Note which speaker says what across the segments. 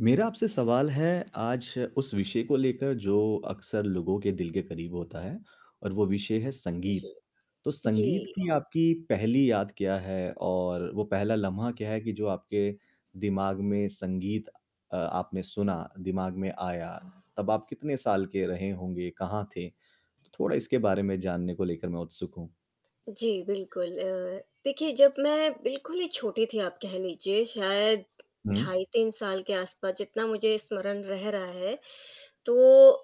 Speaker 1: मेरा आपसे सवाल है आज उस विषय को लेकर जो अक्सर लोगों के दिल के क़रीब होता है और वो विषय है संगीत,
Speaker 2: जी,
Speaker 1: तो संगीत
Speaker 2: जी।
Speaker 1: की आपकी पहली याद क्या है, और वो पहला लम्हा क्या है कि जो आपके दिमाग में संगीत अ, आपने सुना, दिमाग़ में आया, तब आप कितने साल के रहे होंगे, कहाँ थे? तो थोड़ा इसके बारे में जानने को लेकर मैं उत्सुक हूँ।
Speaker 2: जी, बिल्कुल अ, देखिए जब मैं बिल्कुल ही छोटी थी आप कह लीजिए, शायद
Speaker 1: हुँ।
Speaker 2: ढाई 3 साल के आस-पास जितना मुझे स्मरण रह रहा है, तो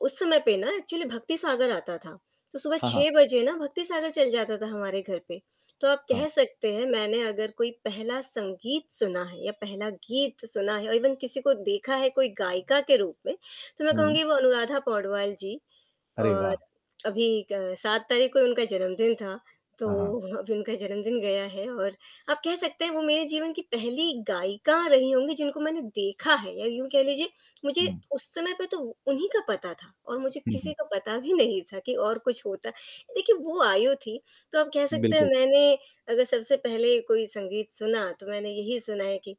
Speaker 2: उस समय पे ना एक्चुअली भक्ति सागर आता था, तो सुबह
Speaker 1: हाँ, हाँ।
Speaker 2: 6 बजे ना भक्तिसागर चल जाता था हमारे घर पे, तो आप
Speaker 1: हाँ।
Speaker 2: कह सकते हैं मैंने अगर कोई पहला संगीत सुना है या पहला गीत सुना है और इवन किसी को देखा है, कोई गायिका के रूप में, तो मैं
Speaker 1: हुँ।
Speaker 2: कहूँगी वो अनुराधा पौडवाल जी।
Speaker 1: अरे,
Speaker 2: और
Speaker 1: वाह!
Speaker 2: अभी क 7 तारीख को ही उनका जन्मदिन था, तो
Speaker 1: हाँ, हाँ।
Speaker 2: अभी उनका जन्मदिन गया है और आप कह सकते हैं वो मेरे जीवन की पहली गायिका रही होंगी, जिनको मैंने देखा है या यूँ कह लीजिए मुझे
Speaker 1: हुँ।
Speaker 2: उस समय पे तो उन्हीं का पता था और मुझे
Speaker 1: हुँ,
Speaker 2: किसी
Speaker 1: हुँ।
Speaker 2: का पता भी नहीं था, कि और कुछ होता देखिए वो आयु थी, तो आप कह सकते हैं
Speaker 1: बिल्कुल।
Speaker 2: मैंने अगर सबसे पहले कोई संगीत सुना, तो मैंने यही सुना है कि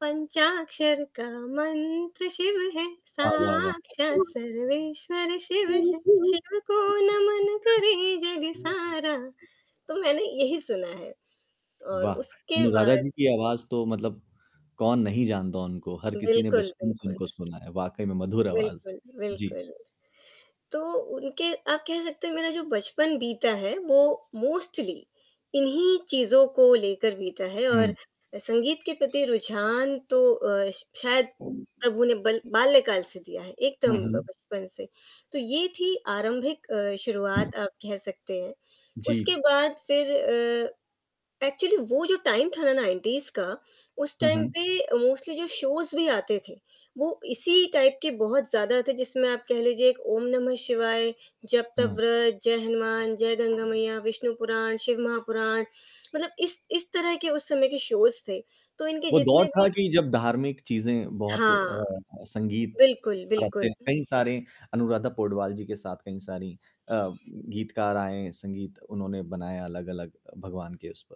Speaker 2: पंचाक्षर का मंत्र शिव है,
Speaker 1: वाह, वाह, वाह!
Speaker 2: साक्षात सर्वेश्वर शिव है, शिव को नमन करें जग
Speaker 1: [unintelligible]
Speaker 2: सारा तो मैंने यही सुना है। और
Speaker 1: वाह!
Speaker 2: उसके
Speaker 1: अनुराधा
Speaker 2: बाद
Speaker 1: जी की आवाज़ तो मतलब कौन नहीं जानता उनको, हर किसी ने
Speaker 2: बिल्कुल,
Speaker 1: बचपन से
Speaker 2: बिल्कुल।
Speaker 1: उनको सुना है, वाक़ई में मधुर आवाज़।
Speaker 2: बिल्कुल,
Speaker 1: जी।
Speaker 2: बिल्कुल। तो उनके आप कह सकते हैं मेरा जो बचपन बीता है, वो मोस्टली इन्हीं चीज़ों को लेकर बीता है और
Speaker 1: हुँ।
Speaker 2: अ, संगीत के प्रति रुझान तो अ, श शायद प्रभु ने बल बाल्यकाल से दिया है, एकदम
Speaker 1: हुँ,
Speaker 2: ब
Speaker 1: हुँ।
Speaker 2: बचपन से। तो ये थी आरंभिक अ, शुरुआत आप कह सकते हैं, उसके
Speaker 1: जी।
Speaker 2: बाद फिर अ, एक्चुअली वो जो टाइम था ना 90s का, उस
Speaker 1: हुँ,
Speaker 2: टाइम
Speaker 1: हुँ।
Speaker 2: पे मोस्टली जो शोज़ भी आते थे, वो इसी टाइप के बहुत ज़्यादा थे, जिसमें आप कह लीजिए एक ओम नमः शिवाय, जप तप
Speaker 1: हुँ।
Speaker 2: व्रत, जय हनुमान, जय गंगा मैया, विष्णु पुराण, शिव महापुराण, मतलब इस इस तरह के उस समय के शोज़ थे। तो इनके
Speaker 1: वो दौर
Speaker 2: जितने
Speaker 1: था
Speaker 2: भी
Speaker 1: कि जब धार्मिक चीज़ें बहुत अ
Speaker 2: हाँ,
Speaker 1: अ, संगीत
Speaker 2: बिल्कुल,
Speaker 1: क से
Speaker 2: बिल्कुल।
Speaker 1: कई सारे अनुराधा पौडवाल जी के साथ कई सारी अ, गीतकार आए, संगीत उन्होंने बनाया अलग-अलग अ, भगवान के उस पर।